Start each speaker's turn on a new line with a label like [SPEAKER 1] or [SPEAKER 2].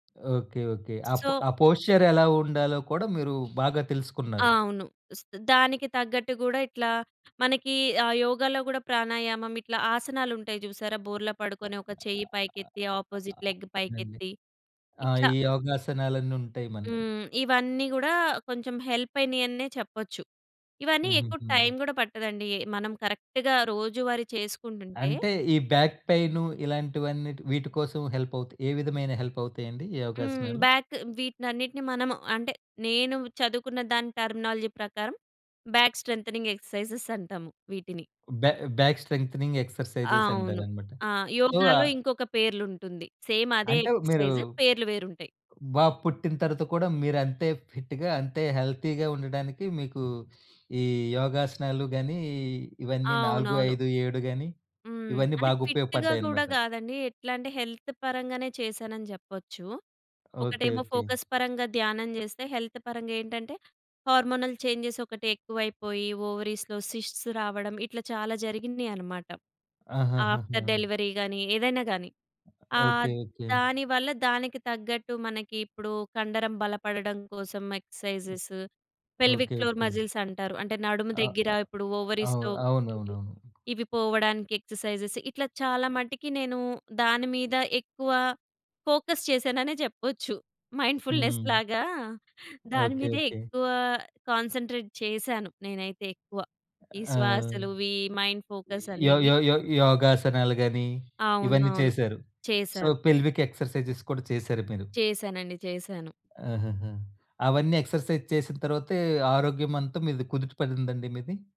[SPEAKER 1] Okay. Okay. ఆ పొ
[SPEAKER 2] so
[SPEAKER 1] ఆ పోశ్చరెలా ఉండాలో కూడా మీరు బాగా
[SPEAKER 2] ఆ!
[SPEAKER 1] తెలుసుకున్నారు.
[SPEAKER 2] అవును. స్ దానికి తగ్గట్టు‌ గూడా ఇట్లా మనకి ఆ యోగాలో గూడా ప్రాణాయామం ఇట్లా ఆసనాలుంటయి చూసారా! బోర్లా
[SPEAKER 1] అ
[SPEAKER 2] పడుకొని ఒక చెయ్యి పైకెత్తి, ఆపోజిట్
[SPEAKER 1] ఆహ్,
[SPEAKER 2] లెగ్
[SPEAKER 1] అవునండి.
[SPEAKER 2] పైకెత్తి.
[SPEAKER 1] ఆ!
[SPEAKER 2] ఇట్ల
[SPEAKER 1] ఈ యోగాసనాలన్నుంటాయి మనకి.
[SPEAKER 2] హ్మ్. ఇవన్నీ గూడా కొంచెం హెల్పయినయన్నె చెప్పొచ్చు. ఇవన్నీ ఎక్కువ
[SPEAKER 1] హుహు.
[SPEAKER 2] టైం గూడా పట్టదండి. ఎ మనం కరెక్ట్‌గా రోజువారీ చేసుకుంటుంటే
[SPEAKER 1] అంటే ఈ బ్యాక్ పెయిను, ఇలాంటివన్నిటి వీటి కోసం హెల్పవుతయి. ఏ విధమైన హెల్పవుతాయి అండి? ఈ
[SPEAKER 2] హ్మ్.
[SPEAKER 1] యోగాసనాలు?
[SPEAKER 2] బ్యాక్ వీటినన్నిటిని మనము అంటే, నేను చదువుకున్న దాని టర్మినాలజీ ప్రకారం బ్యాక్ స్ట్రెంగ్థెనింగ్ ఎక్సర్‌సైజెస్ అంటాము వీటిని.
[SPEAKER 1] బ్యా బ్యాక్ స్ట్రెంగ్థెనింగ్
[SPEAKER 2] ఆ!
[SPEAKER 1] ఎక్సర్‌సైజెస్
[SPEAKER 2] అవును.
[SPEAKER 1] అంటారన్నమాట.
[SPEAKER 2] ఆ!
[SPEAKER 1] సో, ఆ
[SPEAKER 2] యోగాలో ఇంకొక పేర్లుంటుంది. సేమ్ అదే
[SPEAKER 1] అంటే మీరు
[SPEAKER 2] ఎక్సర్‌సైజ్ పేర్లు వేరుంటయి.
[SPEAKER 1] బాబు పుట్టిన తర్వాత కూడా మీరంతే ఫిట్‌గా అంతే, హెల్తీ‌గా ఉండడానికి మీకు ఈ యోగాసనాలు గాని, ఇవన్నీ నాలుగు
[SPEAKER 2] అవునవును.
[SPEAKER 1] ఐదు ఏడు గాని,
[SPEAKER 2] హ్మ్.
[SPEAKER 1] ఇవన్నీ
[SPEAKER 2] అంటే
[SPEAKER 1] బాగ
[SPEAKER 2] ఫిట్‌గా గూడా
[SPEAKER 1] ఉపయోగపడ్డాయన్నమాట.
[SPEAKER 2] కాదండి. ఎట్లాంటే హెల్త్ పరంగానే చేశానని జెప్పొచ్చు.
[SPEAKER 1] ఓకే.
[SPEAKER 2] ఒకటేమో
[SPEAKER 1] ఓకే.
[SPEAKER 2] ఫోకస్ పరంగా ధ్యానం చేస్తే, హెల్త్ పరంగా ఏంటంటే హార్మోనల్ చేంజెస్ ఒకటెక్కువైపోయి, ఓవరీస్‌లో సిస్ట్స్ రావడం ఇట్ల చాలా జరిగినియన్నమాట. ఆఫ్టర్
[SPEAKER 1] ఆహాహాహా!
[SPEAKER 2] డెలివరీ గాని, ఏదైనా గాని.
[SPEAKER 1] అ
[SPEAKER 2] ఆ!
[SPEAKER 1] ఓకే. ఓకే.
[SPEAKER 2] దాని‌వల్ల దానికి తగ్గట్టు మనకిప్పుడు కండరం బలపడడం కోసం
[SPEAKER 1] హ్మ్,
[SPEAKER 2] exercises, pelvic
[SPEAKER 1] okay.
[SPEAKER 2] Floor
[SPEAKER 1] okay.
[SPEAKER 2] Muscles అంటారు, అంటే నడుము
[SPEAKER 1] ఆ!
[SPEAKER 2] దగ్గర ఇప్పుడు
[SPEAKER 1] అవ్
[SPEAKER 2] ఓవరీస్‌లో ఇవి
[SPEAKER 1] అవునవునవును.
[SPEAKER 2] ఇవి పోవడానికి ఎక్సర్‌సైజెస్. ఇట్లా చాలా మటికి నేను దాని మీద ఎక్కువ ఫోకస్ చేశాననే చెప్పొచ్చు. మైండ్‌‌ఫుల్‌నెస్‌
[SPEAKER 1] హ్మ్.
[SPEAKER 2] లాగా
[SPEAKER 1] ఓకే.
[SPEAKER 2] దాని‌మీదే
[SPEAKER 1] ఓకే.
[SPEAKER 2] ఎక్కువ కాన్సంట్రేట్ చేశాను నేనైతే ఎక్కువ. ఈ
[SPEAKER 1] ఆ!
[SPEAKER 2] శ్వాసలు వీ మైండ్ ఫోకస్
[SPEAKER 1] యో
[SPEAKER 2] అనేవి.
[SPEAKER 1] యో యో యోగాసనాలు‌ గాని, ఇవన్నీ
[SPEAKER 2] అవునవును.
[SPEAKER 1] చేశారు. సో,
[SPEAKER 2] చేశాను.
[SPEAKER 1] పెల్విక్ ఎక్సర్‌సైజెస్ కూడా చేశారు మీరు.
[SPEAKER 2] చేశానండి. చేశాను.
[SPEAKER 1] ఆహాహా! అవన్నీ ఎక్సర్‌సైజ్ చేసిన తర్వాతే, ఆరోగ్యం అంతా మీది కుదుటపడిందండి మీది?